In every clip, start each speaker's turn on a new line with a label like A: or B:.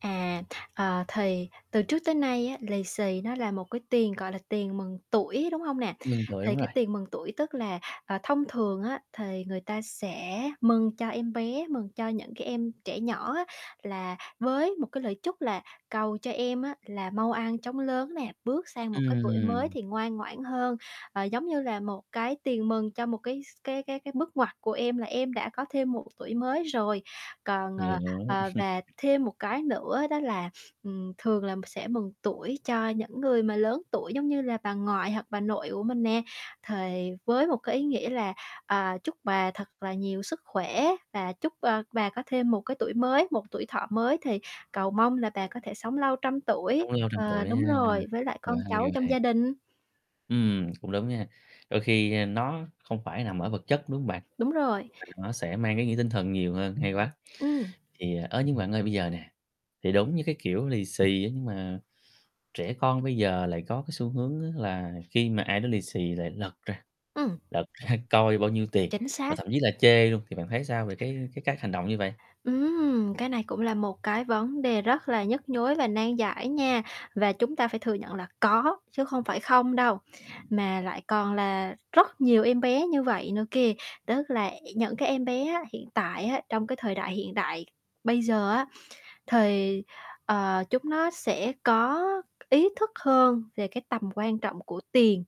A: À, ờ, thì từ trước tới nay á, lì xì nó là một cái tiền, gọi là, tiền mừng tuổi, đúng hông nè?
B: Mừng tuổi,
A: Thì
B: đúng rồi.
A: cái tiền mừng tuổi tức là, ờ, thông thường á thì người ta sẽ mừng cho em bé, mừng cho những cái em trẻ nhỏ á là với một cái lời chúc là cầu cho em á là mau ăn chóng lớn nè, bước sang một cái tuổi mới
B: Ừm.
A: thì ngoan ngoãn hơn. Ờ, giống như là một cái tiền mừng cho một cái s cái cái cái bước ngoặt của em, là em đã có thêm một tuổi mới rồi, còn,
B: Hiểu,
A: ờ,
B: hiểu.
A: ờ, và thêm một cái nữa đó là, ừm, thường là sẽ mừng tuổi cho những người mà lớn tuổi giống như là bà ngoại hoặc bà nội của mình nè, thì với một cái ý nghĩa là, à, chúc bà thật là nhiều sức khỏe và chúc, ơ, bà có thêm một cái tuổi mới, một tuổi thọ mới thì cầu mong là bà có thể sống lâu trăm tuổi
B: Sống lâu trăm
A: ờ,
B: tuổi ha,
A: đúng rồi với lại
B: quá
A: con
B: hay,
A: cháu
B: quá
A: trong
B: hay.
A: gia đình.
B: Ừm, cũng đúng nha, đôi khi, a, nó không phải nằm ở vật chất, đúng hông bạn?
A: Đúng rồi.
B: Mà nó sẽ mang ý nghĩa tinh thần nhiều hơn, hay quá.
A: Ừm.
B: Thì, ơ, nhưng bạn ơi bây giờ nè, thì đúng như cái, kiểu, lì xì á, nhưng mà, trẻ con bây giờ lại có cái xu hướng á là khi mà ai đó lì xì lại lật ra,
A: Ừm.
B: lật ra coi bao nhiêu tiền,
A: Chính
B: và
A: xác.
B: thậm chí là chê luôn, thì bạn thấy sao về cái cái cách hành động như vậy?
A: Ừm, cái này cũng là một cái vấn đề rất là nhức nhối và nan giải nha, và chúng ta phải thừa nhận là có, chứ không phải không đâu, mà lại còn là rất nhiều em bé như vậy nữa kìa, tức là những cái em bé á, hiện tại á, trong cái thời đại hiện đại bây giờ á, thì, ờ, chúng nó sẽ có ý thức hơn về cái tầm quan trọng của tiền,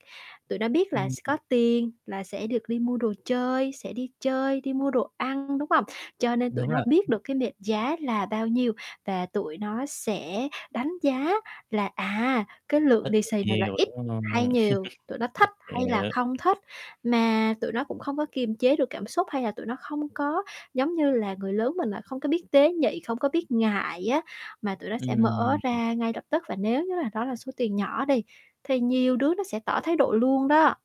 A: tụi nó biết là
B: Ừm,
A: s có
B: ừm.
A: tiền là sẽ được đi mua đồ chơi, sẽ đi chơi, đi mua đồ ăn, đúng hông? Cho nên tụi
B: Đúng
A: nó
B: rồi.
A: biết được cái mệnh giá là bao nhiêu, và tụi nó sẽ đánh giá là, à, cái lượng
B: Ít
A: lì
B: hay
A: xì này là
B: nhiều,
A: ít
B: đúng hông?
A: hay nhiều, tụi nó thích hay là
B: Hiểu.
A: không thích, mà tụi nó cũng không có kiềm chế được cảm xúc hay là tụi nó không có giống như là người lớn mình là không có biết tế nhị, không có biết ngại á mà tụi nó sẽ
B: Ừm,
A: mở
B: ừm.
A: ra ngay lập tức và nếu như là đó là số tiền nhỏ đi thì nhiều đứa nó sẽ tỏ thái độ luôn đó.